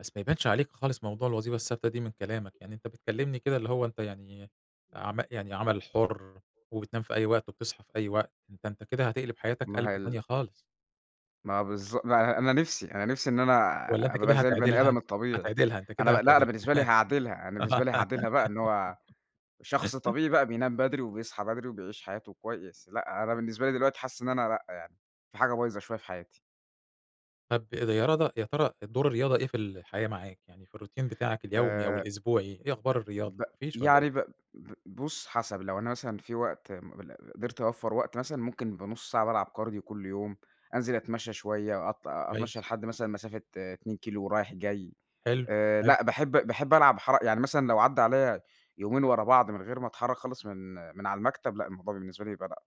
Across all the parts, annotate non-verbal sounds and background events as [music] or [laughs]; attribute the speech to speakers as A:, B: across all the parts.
A: بس ما يبانش عليك خالص موضوع الوظيفة الثابتة دي من كلامك، يعني أنت بتكلّمني كده اللي هو أنت يعني عما يعني عمل حُر، وبتنام في أي وقت، وبتصحى في أي وقت، ده أنت كده هتقلب حياتك
B: ما هي
A: قلبَة
B: ال
A: تانية خالص.
B: ما بالض ما أنا أنا نفْسي أنا نفْسي إن أنا
A: والّا أنت
B: اب
A: كده
B: ابقى زي البَني
A: هتعدلها؟
B: آدم الطبيعي،
A: هتعدلها، أنت
B: أنا
A: كده
B: ما لأ أنا
A: هتعدلها.
B: بالنسبة لي هاعدلها، أنا بالنسبة لي هاعدلها بقى إن هو شخص
A: [laughs]
B: طبيعي بقى بينام بدري، وبيصحى بدري وبيعيش حياته كويس، لأ أنا بالنسبة لي دلوقتي حاسس إن أنا لأ يعني، في حاجة بايظة شوية في حياتي.
A: طب ال يا رضى يا ترى ال دور الرياضة إيه في الحياة معاك؟ يعني في الروتين بتاعك اليومي أو
B: آآ
A: الأسبوعي، إيه أخبار الرياضة؟
B: ب
A: ما فيش والّا إيه؟
B: يعني ب ب بُص حسب لو أنا مثلًا في وقت مل م قدرت أوفّر وقت مثلًا، ممكن يبقى نُص ساعة بالعب كارديو كلّ يوم، أنزل اتمشّى شوية أط أتمشّى
A: كويس.
B: لحد مثلًا مسافة 2 كيلو ورايح جاي،
A: حلو،
B: آآ
A: حلو.
B: لأ باحب باحب العب حرَ يعني مثلًا لو عدّى عليّا يومين ورا بعض من غير ما اتحرّك خالص من من على المكتب، لأ الموضوع بالنسبة لي يبقى لأ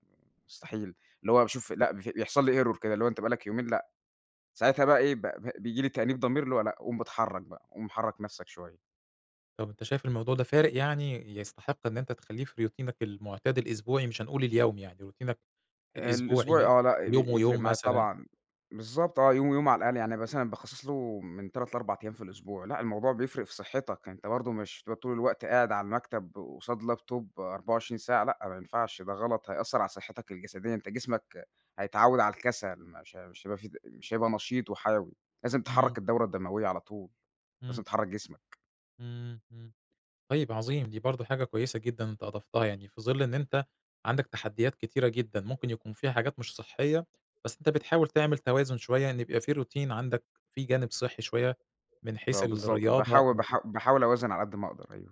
B: مستحيل، اللي هو باشوف لأ بف بيحصل لي error كده اللي هو أنت بقى لك يومين لأ، ساعتها بقى إيه؟ ب ب بييجي لي تأنيب ضمير اللي هو لأ، قوم ب اتحرّك بقى، قوم حرّك نفْسك شوية.
A: طب أنت شايف الموضوع ده فارق يعني، يستحق إن أنت تخلّيه في روتينك المعتاد الأسبوعي؟ مش هنقول اليومي يعني، روتينك
B: الأسبوعي
A: الأسبوعي؟
B: آه، لأ
A: يوم
B: بيفرِق
A: ويوم
B: معايا
A: مثلًا.
B: طبعًا، بالضبط آه، يوم ويوم على الأقل، يعني مثلًا أنا باخصّص له من 3 ل4 أيام في الأسبوع، لأ الموضوع بيفرِق في صحّتك، أنت برضه مش هتبقى طول الوقت قاعد على المكتب قصاد لابتوب 24 ساعة، لأ ما ينفعش ده غلط هيأثّر على صحّتك الجسدية، أنت جسمك هيتعوّد على الكسل، مش ه مش هيبقى في د مش هيبقى نشيط وحيوي، لازم
A: إمم.
B: تحرّك الدورة الدموية على طول، لازم
A: إمم.
B: تحرّك جسمك.
A: إمم، إمم، طيب عظيم دي برضه حاجة كويسة جدًا أنت أضفتها، يعني في ظِل إن أنت عندك تحديات كتيرة جدًا، ممكن يكون فيها حاجات مش صحّية، بس أنت بتحاول تعمل توازن شوية إن يبقى في روتين عندك، في جانب صحّي شوية، من حيث
B: ما بالضبط
A: الرياضة
B: باحاول
A: أو
B: باحا باحاول اوازن على قد ما اقدر، أيوه.